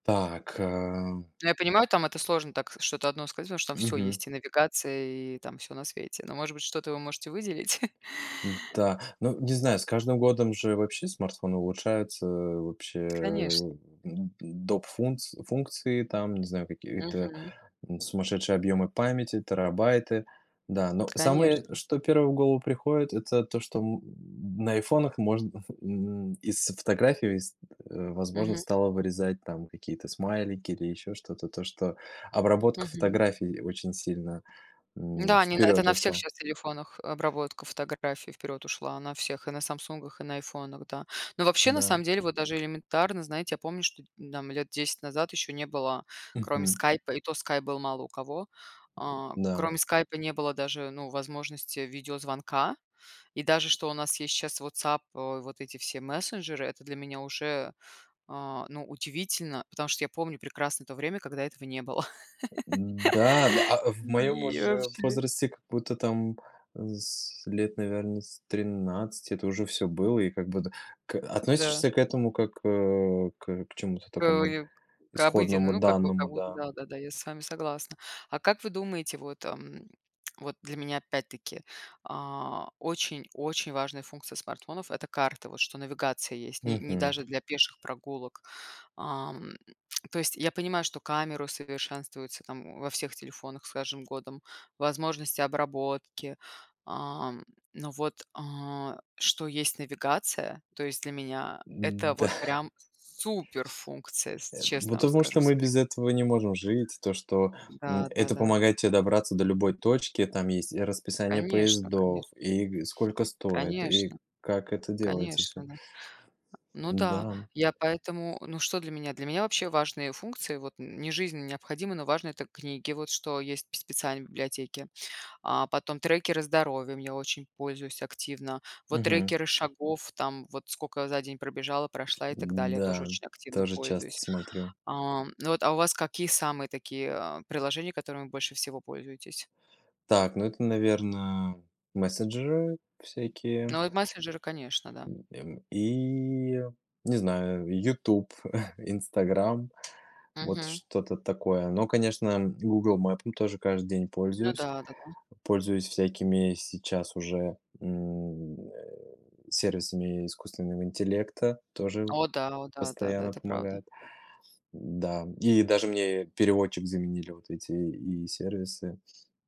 Так, ам. Но, я понимаю, там это сложно так что-то 1 сказать, потому что там всё Мгм. есть: и навигация, и там всё на свете, но, может быть, что-то вы можете выделить? Н-да. Но не знаю, с каждым годом же вообще смартфоны улучшаются. Вообще, а, Конечно. у м, доп фунц функции, там, не знаю, какие-то, Мгм. м, сумасшедшие объемы памяти, терабайты. Да, но самое, Конечно. что первое в голову приходит- это то, что, м, на айфонах можно, м, из фотографий ст э, возможно Мгм. стало вырезать там какие-то смайлики или еще что-то, то что обработка Мгм. фотографий и очень сильно, м, Н-да, они на это вперед на всех ушла. щас телефонах обработка фотографий вперед ушла, на всех: и на "Самсунгах", и на "Айфонах". Да. Но вообще, на Н-да. самом деле, вот даже элементарно, знаете, я помню, что дь нь там 10 лет назад ещё не было кроме Мгм. "Скайпа", и то Skype был мало у кого, а, Н-да. кроме "Скайпа" не было даже, ну, возможности видеозвонка, и даже что у нас есть щас WhatsApp, а, вот эти все мессенджеры- это для меня уже, а, ну, удивительно, потому что я помню прекрасно то время, когда этого не было. Н-да, да. А в моём И уже вообще. возрасте как будто там, а, с лет, наверно, с 13 это уже всё было, и как будто к Н-да. относишься к этому как, а, к к чему-то Кого такому неб к обыденной, исходному ну, как бы, данному, как будто да. да да да, я с вами согласна. А как вы думаете, вот, ам, вот для меня опять-таки, а, очень очень важная функция смартфонов- это карты, вот, что навигация есть не, ни Мгм. даже для пеших прогулок. Ам, то есть я понимаю, что камеру усовершенствуются там, о, во всех телефонах с каждым годом, возможности обработки, ам, но вот, а, что есть навигация, то есть для меня это Н-да. вот прям суперфункция, с Нес Это, честно вам потому скажу, что мы без современно. этого не можем жить. То что, м, Н-да, это да-да. помогает тебе добраться до любой точки. И там есть и расписание Конечно канеш поездов, и г сколько стоит, и Конечно как это делается всё. конечно, да. А, ну Н-да, да, м. я поэтому, ну что для меня? Для меня вообще важные функции, вот нь не жизненно необходимы, но важны- это книги, вот что есть п специальные библиотеки, а, потом трекеры здоровья, ими очень пользуюсь активно, вот Мгм. трекеры шагов, там, вот скока я за день пробежала, прошла и так далее, тоже Н-да, очень активно тоже часто пользуюсь. смотрю. Ам, ну вот, а, у вас какие самые такие, а, приложения, которыми больше всего пользуетесь? Так, ну это, наверно, мессенджеры всякие. Ну вот, мессенджеры, конечно, да. М, эм, и я не знаю и YouTube, Instagram, вот Мгм. что-то такое. Но, конечно, м, "Гугл Мэпом" ну тоже каждый день Ну пользуюсь. да, да-да. Пользуюсь всякими сейчас уже, м, э, сервисами искусственного интеллекта, тоже п О да о да да да, постоянно это правда. помогают. М-да, м, и даже мне переводчик заменили вот эти ИИ-сервисы.